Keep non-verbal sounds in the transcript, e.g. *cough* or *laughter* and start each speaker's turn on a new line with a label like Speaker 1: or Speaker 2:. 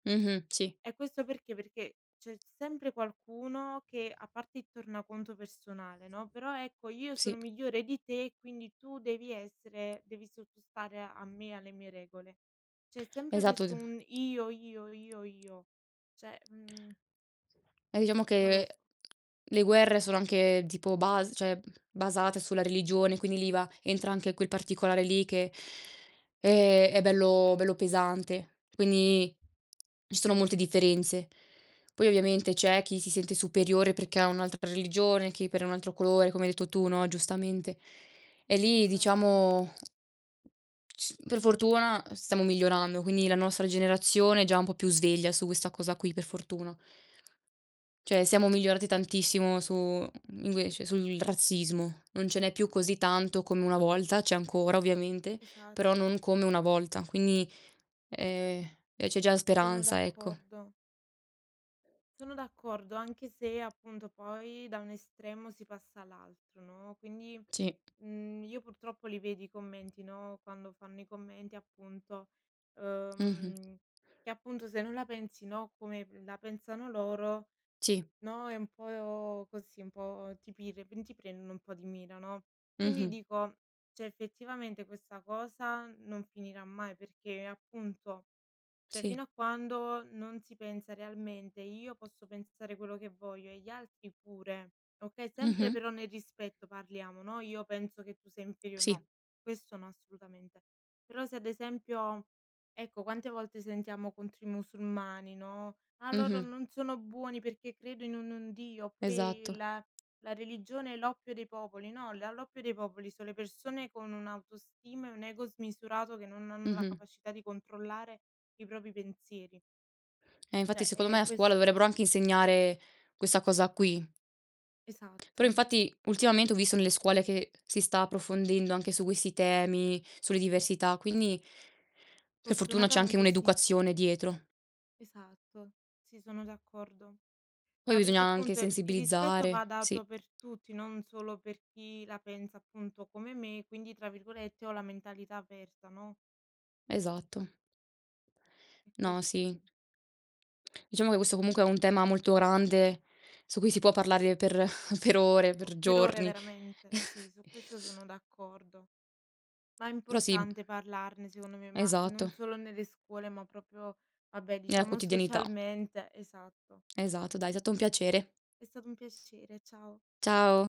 Speaker 1: Mh-mh. Sì.
Speaker 2: E questo perché? Perché c'è sempre qualcuno che, a parte il tornaconto personale, no: "Però ecco, io sono
Speaker 1: Sì.
Speaker 2: migliore di te, quindi tu devi essere devi sottostare a me e alle mie regole". C'è sempre
Speaker 1: Esatto, d
Speaker 2: questo un: "Io, io, io, io", cioè, mhmm
Speaker 1: Eh, diciamo
Speaker 2: non lo
Speaker 1: che
Speaker 2: s
Speaker 1: le guerre sono anche tipo bas cioè, basate sulla religione, quindi lì va entra anche quel particolare lì che, è è bello bello pesante. Quindi, ci sono molte differenze. Poi ovviamente c'è chi si sente superiore perché ha un'altra per religione, chi per un altro colore, come hai detto tu no, giustamente. E lì
Speaker 2: Esatto.
Speaker 1: diciamo c per fortuna stiamo migliorando, quindi la nostra generazione è già un po' più sveglia su questa cosa qui, per fortuna. Cioè, siamo migliorati tantissimo su mhmm, invece, sul razzismo. Non ce n'è più così tanto come una volta, c'è ancora ovviamente, però
Speaker 2: Esatto.
Speaker 1: non come una volta. Quindi, ehm, eh, c'è già
Speaker 2: Sono
Speaker 1: speranza, ecco.
Speaker 2: d'accordo. Sono d'accordo, anche se appunto poi da un estremo si passa all'altro, no. Quindi,
Speaker 1: Sì.
Speaker 2: mhmm, io purtroppo li vedo i commenti, no, quando fanno i commenti appunto,
Speaker 1: Mh-mh.
Speaker 2: ehm, che appunto se non la pensi, no, come la pensano loro,
Speaker 1: Sì.
Speaker 2: no, è un po' così, un po' ti *unintelligible* ti prendono un po' di mira, no. Quindi
Speaker 1: Mh-mh.
Speaker 2: dico, cioè effettivamente questa cosa non finirà mai, perché appunto cioè,
Speaker 1: Sì.
Speaker 2: fino a quando non si pensa realmente: "Io posso pensare quello che voglio e gli altri pure", okay, sempre
Speaker 1: Mh-mh.
Speaker 2: però nel rispetto parliamo, no: "Io penso che tu sei inferio"
Speaker 1: Sì.
Speaker 2: no, questo no, assolutamente. Però, se ad esempio ecco, quante volte sentiamo contro i musulmani, no: "Ah, loro
Speaker 1: Mh-mh.
Speaker 2: non sono buoni perché credono in un Dio". oppure
Speaker 1: Esatto.
Speaker 2: "Il la religione è l'oppio dei popoli". no, l l'oppio dei popoli son le persone con un'autostima e un ego smisurato che non hanno la
Speaker 1: Mh-mh.
Speaker 2: capacità di controllare i propri pensieri.
Speaker 1: Eh, infatti
Speaker 2: Cioè,
Speaker 1: secondo me
Speaker 2: è
Speaker 1: a scuola
Speaker 2: questo.
Speaker 1: dovrebbero anche insegnare questa cosa qui. Però,
Speaker 2: Esatto.
Speaker 1: infatti, ultimamente ho visto nelle scuole che si sta approfondendo anche su questi temi, sulle diversità, quindi per fortuna c'è anche
Speaker 2: Fortunatamente sì.
Speaker 1: un'educazione dietro.
Speaker 2: Esatto. Sì, sono d'accordo.
Speaker 1: Poi
Speaker 2: Ma
Speaker 1: bisogna
Speaker 2: perché
Speaker 1: anche
Speaker 2: appunto il rispetto va
Speaker 1: sensibilizzare, sì.
Speaker 2: dato per tutti, non solo per chi la pensa appunto come me, quindi tra virgolette ho la mentalità "aperta", no?
Speaker 1: Esatto.
Speaker 2: E
Speaker 1: No,
Speaker 2: questa è
Speaker 1: sì. Diciamo che questo comunque è un tema molto grande su cui si può parlare per *chuckles* per ore,
Speaker 2: O
Speaker 1: per
Speaker 2: per ore
Speaker 1: giorni.
Speaker 2: veramente. Sì,
Speaker 1: *chuckles*
Speaker 2: su questo sono d'accordo. Ma è
Speaker 1: Però, sì, m
Speaker 2: importante parlarne secondo me, ma non
Speaker 1: Esatto.
Speaker 2: solo nelle scuole, ma proprio vabbè,
Speaker 1: Nella
Speaker 2: diciamo
Speaker 1: quotidianità.
Speaker 2: socialmente esatto.
Speaker 1: Esatto, dai, è stato un piacere.
Speaker 2: È stato un piacere, ciao.
Speaker 1: Ciao.